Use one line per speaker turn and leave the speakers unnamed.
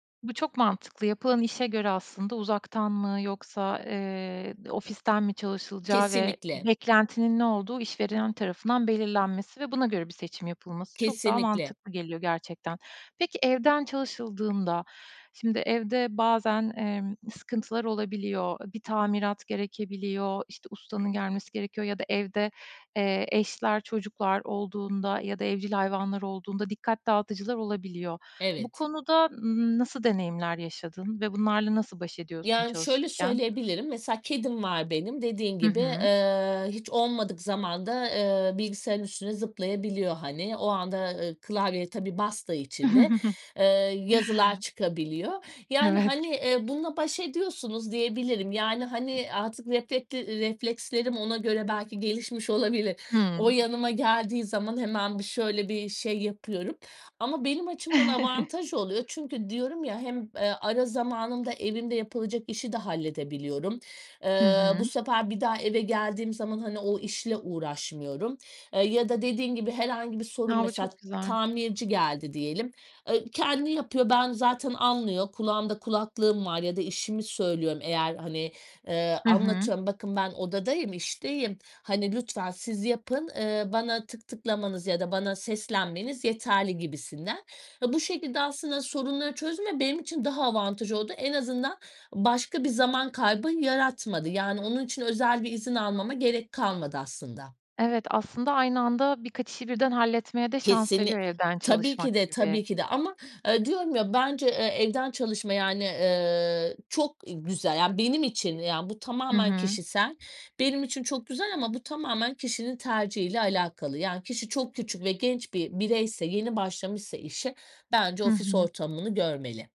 Bu çok mantıklı. Yapılan işe göre aslında uzaktan mı, yoksa, eee, ofisten mi çalışılacağı ve
Kesinlikle.
beklentinin ne olduğu işverilen tarafından belirlenmesi ve buna göre bir seçim yapılması çok daha
Kesinlikle.
mantıklı geliyor gerçekten. Peki evden çalışıldığında, şimdi evde bazen, emm, sıkıntılar olabiliyor. Bir tamirat gerekebiliyor, işte ustanın gelmesi gerekiyor ya da evde, eee, eşler, çocuklar olduğunda ya da evcil hayvanlar olduğunda dikkat dağıtıcılar olabiliyor. Bu
Evet
konuda, ımm, nasıl deneyimler yaşadın ve bunlarla nasıl baş ediyorsun
Yani şöyle
çalışırken?
söyleyebilirim, mesela kedim var benim. Dediğin
Hı
gibi,
hı.
eee, hiç olmadık zamanda, eee, bilgisayarın üstüne zıplayabiliyor hani. O anda klavyeye tabii bastığı için de, eee, yazılar çıkabiliyor. Yani,
Evet.
hani, ııı, bununla baş ediyorsunuz diyebilirim. Yani, hani, artık reflekleri reflekslerim ona göre belki gelişmiş olabilir. O
Hıı.
yanıma geldiği zaman hemen bir, şöyle, bir şey yapıyorum. Ama benim açımdan avantaj oluyor. Çünkü diyorum ya hem, eee, ara zamanında evimde yapılacak işi de halledebiliyorum.
Hı
Eee, bu
hı.
sefer bir daha eve geldiğim zaman hani o işle uğraşmıyorum. Eee, ya da dediğin gibi herhangi bir sorun,
A, bu
mesela
çok güzel.
tamirci geldi diyelim, ııı, kendi yapıyor. Ben zaten anlıyor kulağımda kulaklığım var ya da işimi söylüyorum. Eğer hani, eee,
Hı hı.
anlatıyorum bakın ben odadayım, işteyim. Hani lütfen siz yapın, ııı, bana tık tıklamanız ya da bana seslenmeniz yeterli gibisinden. Ve bu şekilde aslında sorunları çözme benim için daha avantaj oldu. En azından başka bir zaman kaybı yaratmadı. Yani onun için özel bir izin almama gerek kalmadı aslında.
Evet aslında aynı anda birkaç işi birden halletmeye de şans
Kesinli
veriyor, evden
tabii
çalışmak
ki de,
gibi.
tabii ki de. Ama, aaa, diyorum ya, bence, eee, evden çalışma yani, eee, çok güzel. Yani benim için, ya, bu
Hı
tamamen
hı.
kişisel. Benim için çok güzel ama bu tamamen kişinin tercihiyle alakalı. Yani kişi çok küçük ve genç bir bireyse yeni başlamışsa işe bence
Hı
ofis
hı.
ortamını görmeli.